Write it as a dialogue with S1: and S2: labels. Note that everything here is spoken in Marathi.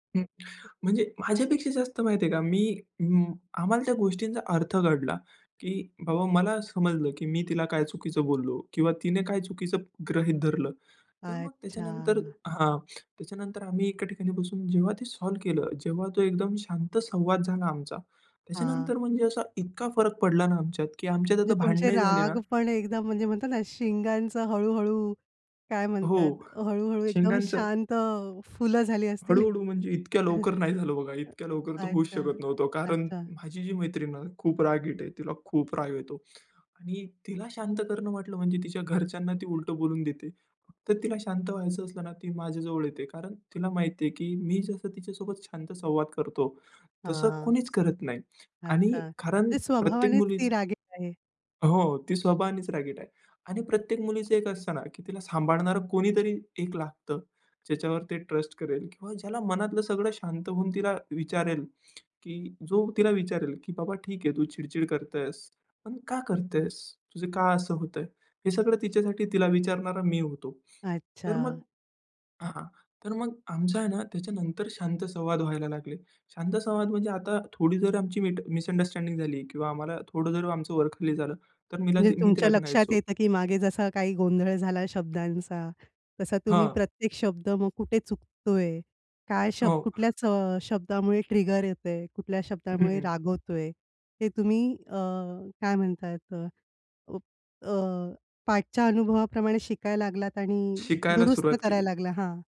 S1: हं. म्हणजे माझ्यापेक्षा जास्त माहिती आहे का? मी अं, आम्हाला त्या गोष्टींचा अर्थ कळला की बाबा मला समजलं, की मी तिला काय चुकीचं बोललो किंवा तिने काय चुकीचं गृहीत धरलं. तर मग त्याच्यानंतर
S2: अच्छा.
S1: हां त्याच्यानंतर आम्ही एका ठिकाणी बसून जेव्हा ते सॉल्व्ह केलं, जेव्हा तो एकदम शांत संवाद झाला आमचा,
S2: हां.
S1: त्याच्यानंतर म्हणजे असा इतका फरक पडला ना आमच्यात की आमच्यात
S2: म्हणजे
S1: आता
S2: तुमचे
S1: भांडणंही झाली ना
S2: राग पण एकदम, म्हणजे म्हणतात ना, शिंगांचा हळू-हळू, काय म्हणतात?
S1: हो.
S2: हळू-हळू एकदम
S1: शिंगांचं
S2: शांत फुलं झाली असतील
S1: हळू-हळू म्हणजे, इतक्या लवकर नाही झालं बघा. इतक्या लवकर तर होऊच
S2: अच्छा,
S1: शकत नव्हतं, कारण
S2: अच्छा.
S1: माझी जी मैत्रीण आहे ना, खूप रागीट आहे. तिला खूप राग येतो आणि तिला शांत करणं म्हटलं म्हणजे तिच्या घरच्यांना ती उलटं बोलून देते. फक्त तिला शांत व्हायचं असलं ना, ती माझ्याजवळ येते. कारण तिला माहिती आहे, की मी जसं तिच्यासोबत शांत संवाद करतो तसं
S2: हां.
S1: कोणीच करत नाही.
S2: अच्छा,
S1: आणि कारण
S2: म्हणजे
S1: प्रत्येक
S2: स्वभावानेच
S1: मुलीच
S2: ती रागीट आहे?
S1: हो, ती स्वभावानेच रागीट आहे. आणि प्रत्येक मुलीचं एक असतं ना, की तिला सांभाळणारं कोणीतरी एक लागतं, ज्याच्यावर ती ट्रस्ट करेल किंवा ज्याला मनातलं सगळं शांत होऊन तिला विचारेल, की जो तिला विचारेल, की बाबा "ठीक आहे, तू चिड-चिड करतेस, पण का करतेस? तुझं का असं होतंय?" हे सगळं तिच्यासाठी तिला विचारणारा मी होतो. तर
S2: अच्छा.
S1: मग हां. तर मग आमच आहे ना त्याच्यानंतर शांत संवाद व्हायला लागले. शांत संवाद म्हणजे आता थोडी जर आमची मिस मिसअंडरस्टँडिंग झाली किंवा आम्हाला थोडं जर आमचं वर-खाली झालं, तर मिला
S2: म्हणजे
S1: ती मी तिला
S2: तुमच्या लक्षात
S1: म्हणायचो
S2: येतं की मागे जसा काही गोंधळ झाला शब्दांचा, तसा तुम्ही
S1: हां.
S2: प्रत्येक शब्द मग कुठे चुकतोय? काय शब्द
S1: हो.
S2: कुठल्याच अ, शब्दामुळे ट्रिगर येत आहे? कुठल्या
S1: हं,
S2: शब्दामुळे
S1: हं.
S2: राग होतोय? हे तुम्ही अ, काय म्हणताय अ, अ, पाठच्या अनुभवाप्रमाणे शिकायला लागलात आणि
S1: शिकायला
S2: दुरुस्त
S1: सुरुवात
S2: करायला
S1: केली.
S2: लागला हां.